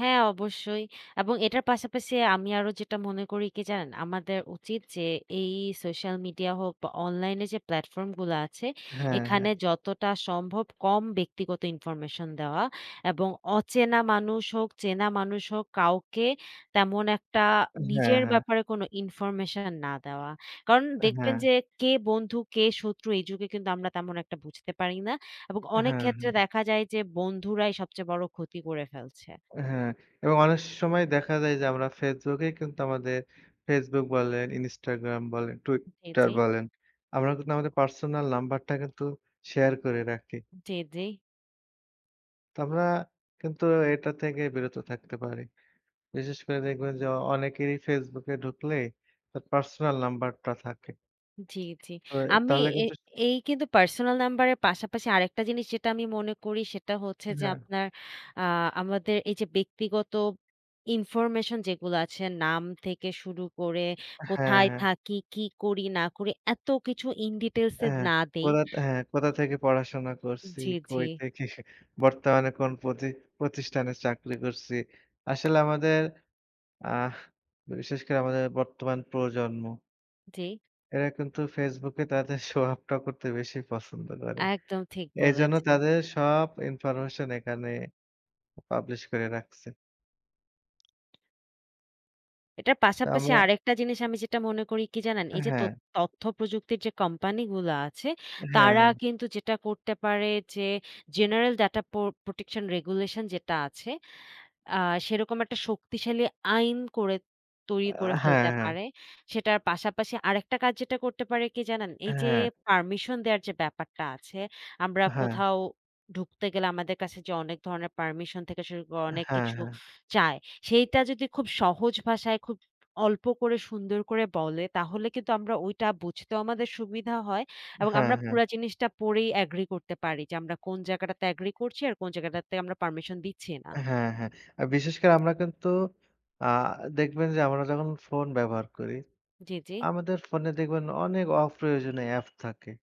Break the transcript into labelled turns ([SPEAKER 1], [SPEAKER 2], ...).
[SPEAKER 1] হ্যাঁ, অবশ্যই। এবং এটার পাশাপাশি আমি আরো যেটা মনে করি কি, জানেন? আমাদের উচিত যে, এই সোশ্যাল মিডিয়া হোক বা অনলাইন এ যে প্লাটফর্ম গুলা আছে,
[SPEAKER 2] হ্যাঁ, হ্যাঁ।
[SPEAKER 1] এখানে যতটা সম্ভব কম ব্যক্তিগত ইনফরমেশন দেওয়া এবং অচেনা মানুষ হোক, চেনা মানুষ হোক, কাউকে তেমন একটা
[SPEAKER 2] হ্যাঁ,
[SPEAKER 1] নিজের
[SPEAKER 2] হ্যাঁ।
[SPEAKER 1] ব্যাপারে কোনো ইনফরমেশন না দেওয়া। কারণ, দেখবেন
[SPEAKER 2] হ্যাঁ।
[SPEAKER 1] যে কে বন্ধু, কে শত্রু, এই যুগে কিন্তু আমরা তেমন একটা বুঝতে পারি না। এবং অনেক
[SPEAKER 2] হ্যাঁ,
[SPEAKER 1] ক্ষেত্রে
[SPEAKER 2] হ্যাঁ।
[SPEAKER 1] দেখা যায় যে, বন্ধুরাই সবচেয়ে বড় ক্ষতি করে ফেলছে।
[SPEAKER 2] হ্যাঁ। এবং অনেক সময় দেখা যায় যে, আমরা ফেসবুক এ কিন্তু আমাদের, ফেসবুক বলেন, ইনস্টাগ্রাম বলেন,
[SPEAKER 1] জ্বী,
[SPEAKER 2] টুইটার
[SPEAKER 1] জ্বী।
[SPEAKER 2] বলেন। আমরা কিন্তু আমাদের পার্সোনাল নাম্বারটা কিন্তু শেয়ার করে রাখি।
[SPEAKER 1] জ্বী, জ্বী।
[SPEAKER 2] তো, আমরা কিন্তু এটা থেকে বিরত থাকতে পারি। বিশেষ করে দেখবেন যে, অনেকেরই ফেসবুকে ঢুকলে, তার পার্সোনাল নাম্বারটা থাকে।
[SPEAKER 1] জ্বী, জ্বী।
[SPEAKER 2] তো এ
[SPEAKER 1] আমি
[SPEAKER 2] তাহলে
[SPEAKER 1] এ
[SPEAKER 2] কিন্তু
[SPEAKER 1] এই কিন্তু পার্সোনাল নাম্বারের পাশাপাশি আরেকটা জিনিস যেটা আমি মনে করি, সেটা হচ্ছে যে,
[SPEAKER 2] হ্যাঁ।
[SPEAKER 1] আপনার আ আমাদের এই যে ব্যক্তিগত ইনফরমেশন যেগুলো আছে, নাম থেকে শুরু করে,
[SPEAKER 2] হ্যাঁ,
[SPEAKER 1] কোথায়
[SPEAKER 2] হ্যাঁ।
[SPEAKER 1] থাকি, কি করি, না করি, এত কিছু In Details এ
[SPEAKER 2] হ্যাঁ,
[SPEAKER 1] না দেই।
[SPEAKER 2] কোথা হ্যাঁ, কোথা থেকে পড়াশোনা করসি,
[SPEAKER 1] জ্বী,
[SPEAKER 2] কই
[SPEAKER 1] জ্বী।
[SPEAKER 2] থেকে বর্তমানে কোন পতি পতিষ্ঠানে চাকরি করছি। আসলে আমাদের, আহ বিশেষ করে আমাদের বর্তমান প্রজন্ম
[SPEAKER 1] জ্বী।
[SPEAKER 2] এরা কিন্তু ফেসবুকে তাদের শো-অফটা করতে বেশি পছন্দ করে।
[SPEAKER 1] একদম, ঠিক
[SPEAKER 2] এজন্য
[SPEAKER 1] বলেছেন।
[SPEAKER 2] তাদের সব ইনফরমেশন, এখানে publish করে রাখছে।
[SPEAKER 1] এটার পাশাপাশি
[SPEAKER 2] আমরা
[SPEAKER 1] আরেকটা জিনিস, আমি যেটা মনে করি কি জানেন? এই যে তত
[SPEAKER 2] হ্যাঁ।
[SPEAKER 1] তথ্য প্রযুক্তির যে কোম্পানি গুলা আছে,
[SPEAKER 2] হ্যাঁ,
[SPEAKER 1] তারা
[SPEAKER 2] হ্যাঁ।
[SPEAKER 1] কিন্তু যেটা করতে পারে যে, General data পোর Protection Regulation যেটা আছে, আ সেরকম একটা শক্তিশালী আইন করে,
[SPEAKER 2] আ
[SPEAKER 1] তৈরি করে
[SPEAKER 2] হ্যাঁ,
[SPEAKER 1] ফেলতে
[SPEAKER 2] হ্যাঁ।
[SPEAKER 1] পারে। সেটার পাশাপাশি আরেকটা কাজ যেটা করতে পারে, কি জানেন? এই যে
[SPEAKER 2] হ্যাঁ।
[SPEAKER 1] পারমিশন দেওয়ার যে ব্যাপারটা আছে, আমরা
[SPEAKER 2] হ্যাঁ।
[SPEAKER 1] কোথাও ঢুকতে গেলে, আমাদের কাছে যে অনেক ধরণের পারমিশন থেকে শুরু করে, অনেক
[SPEAKER 2] হ্যাঁ,
[SPEAKER 1] কিছু
[SPEAKER 2] হ্যাঁ।
[SPEAKER 1] চায়। সেইটা যদি, খুব সহজ ভাষায়, খুব অল্প করে, সুন্দর করে বলে, তাহলে কিন্তু আমরা ওইটা বুঝতেও আমাদের সুবিধা হয়। এবং
[SPEAKER 2] হ্যাঁ,
[SPEAKER 1] আমরা
[SPEAKER 2] হ্যাঁ।
[SPEAKER 1] পুরা জিনিসটা পড়েই agree করতে পারি যে, আমরা কোন জায়গাটাতে agree করছি, আর কোন জায়গাটাতে আমরা পারমিশন দিচ্ছি না।
[SPEAKER 2] হ্যাঁ, হ্যাঁ। আ বিশেষ করে আমরা কিন্তু আ দেখবেন যে, আমরা যখন ফোন ব্যবহার করি,
[SPEAKER 1] জ্বী, জ্বী।
[SPEAKER 2] আমাদের ফোনে দেখবেন, অনেক অপ্রয়োজনীয় অ্যাপ থাকে।